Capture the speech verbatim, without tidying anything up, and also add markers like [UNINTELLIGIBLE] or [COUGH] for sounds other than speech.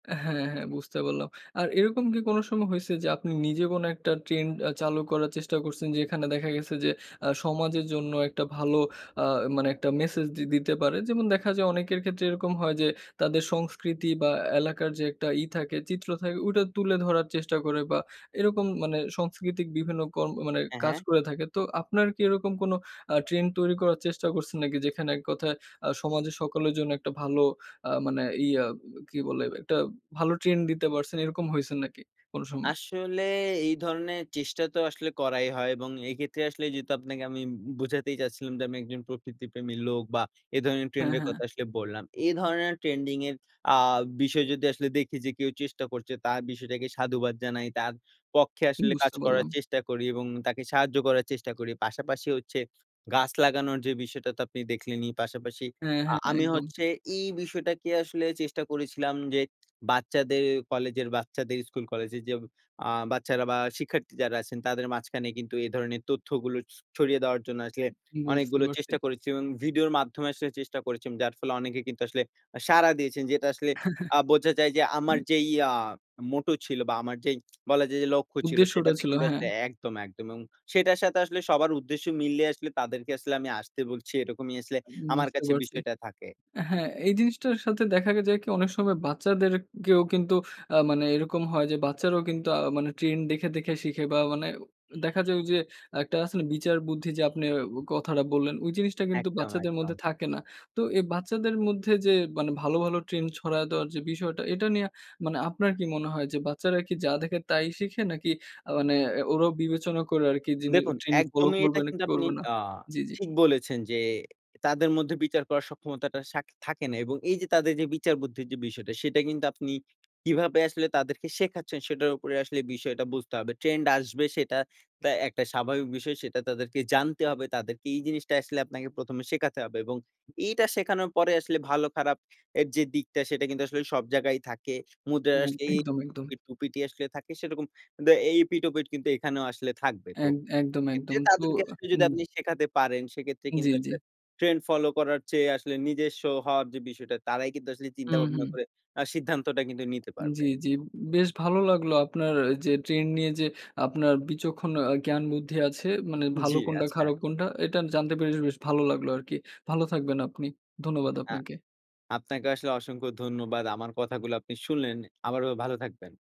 হ্যাঁ, হ্যাঁ, বুঝতে পারলাম। আর এরকম কি কোনো সময় হইছে যে, আপনি নিজে কোনো একটা ট্রেন্ড আ চালু করার চেষ্টা করছেন, যেখানে দেখা গেছে যে, আ সমাজের জন্য একটা ভালো আ মানে একটা ম্যাসেজ দি দিতে পারে। যেমন দেখা যায়, অনেকের ক্ষেত্রে এরকম হয় যে, তাদের সংস্কৃতি, বা এলাকার যে একটা ই থাকে চিত্র থাকে, ওইটা তুলে ধরার চেষ্টা করে, বা এরকম মানে সাংস্কৃতিক বিভিন্ন কর্ম মানে হ্যাঁ, কাজ হ্যাঁ। করে থাকে। তো আপনার কি এরকম কোন আ ট্রেন্ড তৈরি করার চেষ্টা করছেন নাকি? যেখানে এক কথায় আ সমাজের সকলের জন্য একটা ভালো, আ মানে ইয়া কি বলে? একটা ভালো ট্রেন্ড দিতে পারছেন, এরকম হইছেন নাকি কোন সময়? আসলে এই ধরনের চেষ্টা তো আসলে করাই হয়। এবং এক্ষেত্রে আসলে যেহেতু আপনাকে আমি বো বোঝাতেই চাচ্ছিলাম যে, আমি একজন প্রকৃতিপ্রেমী লোক, বা এ ধরনের হ্যাঁ, ট্রেন্ডের হ্যাঁ। কথা আসলে বললাম। এ ধরনের ট্রেন্ডিং এর আ বিষয় যদি আসলে দেখি, যে কেউ চেষ্টা করছে। তার বিষয়টাকে সাধুবাদ জানাই, তার পক্ষে উম আসলে কাজ বুঝতে করার পারলাম। চেষ্টা করি, এবং তাকে সাহায্য করার চেষ্টা করি। পাশাপাশি হচ্ছে গাছ লাগানোর যে বিষয়টা, তো আপনি দেখলেনই। পাশাপাশি হ্যাঁ, আ হ্যাঁ, আমি একদম। হচ্ছে এই বিষয়টাকে আসলে চেষ্টা করেছিলাম, যে বাচ্চাদের কলেজের, বাচ্চাদের স্কুল, কলেজের যে আ বাচ্চারা বা শিক্ষার্থী যারা আছেন, তাদের মাঝখানে কিন্তু এ ধরনের তথ্যগুলো স ছড়িয়ে দেওয়ার জন্য আসলে বুঝতে অনেকগুলো পারছি। চেষ্টা করেছি, এবং ভিডিওর মাধ্যমে আসলে চেষ্টা করেছি, যার ফলে অনেকে কিন্তু আসলে আ সাড়া দিয়েছেন। যেটা আসলে [CHUCKLES] আ বোঝা যায় যে, আমার হুম। যে ইয়া মোটো ছিল, বা আমার যেই [SMACKS LIPS] বলা যায় যে লক্ষ্য ছিল, উদ্দেশ্যটা সেটাতে ছিল, কিন্তু হ্যাঁ। আসলে একদম, একদম, এবং সেটার সাথে আসলে সবার উদ্দেশ্য মিলিয়ে আসলে তাদেরকে আসলে আমি আসতে বলছি, এরকমই আসলে উম আমার বুঝতে কাছে পারছি। বিষয়টা থাকে। হ্যাঁ, এই জিনিসটার সাথে দেখা যায় কি? অনেক সময় বাচ্চাদেরকেও কিন্তু আ মানে এইরকম হয় যে, বাচ্চারাও কিন্তু আ মানে ট্রেন্ড দেখে, দেখে, শিখে বা মানে দেখা যায় ওই যে আ একটা আছে না, বিচার বুদ্ধি, যে আপনে কথাটা বললেন, ওই জিনিসটা কিন্তু একদম, বাচ্চাদের একদম। মধ্যে থাকে না। তো এই বাচ্চাদের মধ্যে যে মানে ভালো, ভালো, ট্রেন্ড ছড়ায় দেওয়ার যে বিষয়টা এটা নিয়া মানে আপনার কি মনে হয়? যে বাচ্চারা কি যা দেখে তাই শিখে? নাকি আ মানে ওরাও বিবেচনা করে আরকি যিনি দেখুন ট্রেন্ড ফলো একদমই। এটা করবে, নাকি কিন্তু আপনি করবে না। আ জি, জি। ঠিক বলেছেন যে, তাদের মধ্যে বিচার করার সক্ষমতাটা সাখ থাকে না। এবং এই যে তাদের যে বিচার বুদ্ধির যে বিষয়টা, সেটা কিন্তু আপনি কিভাবে আসলে তাদেরকে শেখাচ্ছেন? সেটার উপরে আসলে বিষয়টা বুঝতে হবে। ট্রেন্ড আসবে সেটা একটা স্বাভাবিক বিষয়, সেটা তাদেরকে জানতে হবে, তাদেরকে এই জিনিসটা আসলে আপনাকে প্রথম এ শেখাতে হবে, এবং এইটা শেখানোর পরে আসলে ভালো খারাপ এর যে দিকটা, সেটা কিন্তু আসলে সব জায়গায় থাকে। এ মুদ্রায় একদম, একদম। [UNINTELLIGIBLE] টুপিটি আসলে থাকে সেরকম দে এই এপিঠ-ওপিঠ কিন্তু এখানেও আসলে থাকবে। তো এক সে একদম, একদম, ক্ষেত্রে তো তাদেরকে আসলে যদি উম আপনি শেখাতে পারেন সেক্ষেত্রে জ্বী, কিন্তু জ্বী। আসলে ট্রেন্ড ফলো করার চেয়ে আসলে নিজস্ব হওয়ার যে বিষয়টা তারাই কিন্তু আসলে হু, চিন্তা ভাবনা হু। করে আ সিদ্ধান্তটা কিন্তু নিতে পারবে। জ্বি, জ্বি। বেশ ভালো লাগলো আপনার যে ট্রেন্ড নিয়ে যে আপনার বিচক্ষণ জ্ঞান বুদ্ধি আছে, মানে ভালো জ্বি, কোনটা, আচ্ছা। খারাপ কোনটা, এটা জানতে পেরে বেশ ভালো লাগলো আরকি। ভালো থাকবেন আপনি। ধন্যবাদ আ আপনাকে। আপনাকে আসলে অসংখ্য ধন্যবাদ। আমার কথাগুলো আপনি শুনলেন, আবারও ভালো থাকবেন।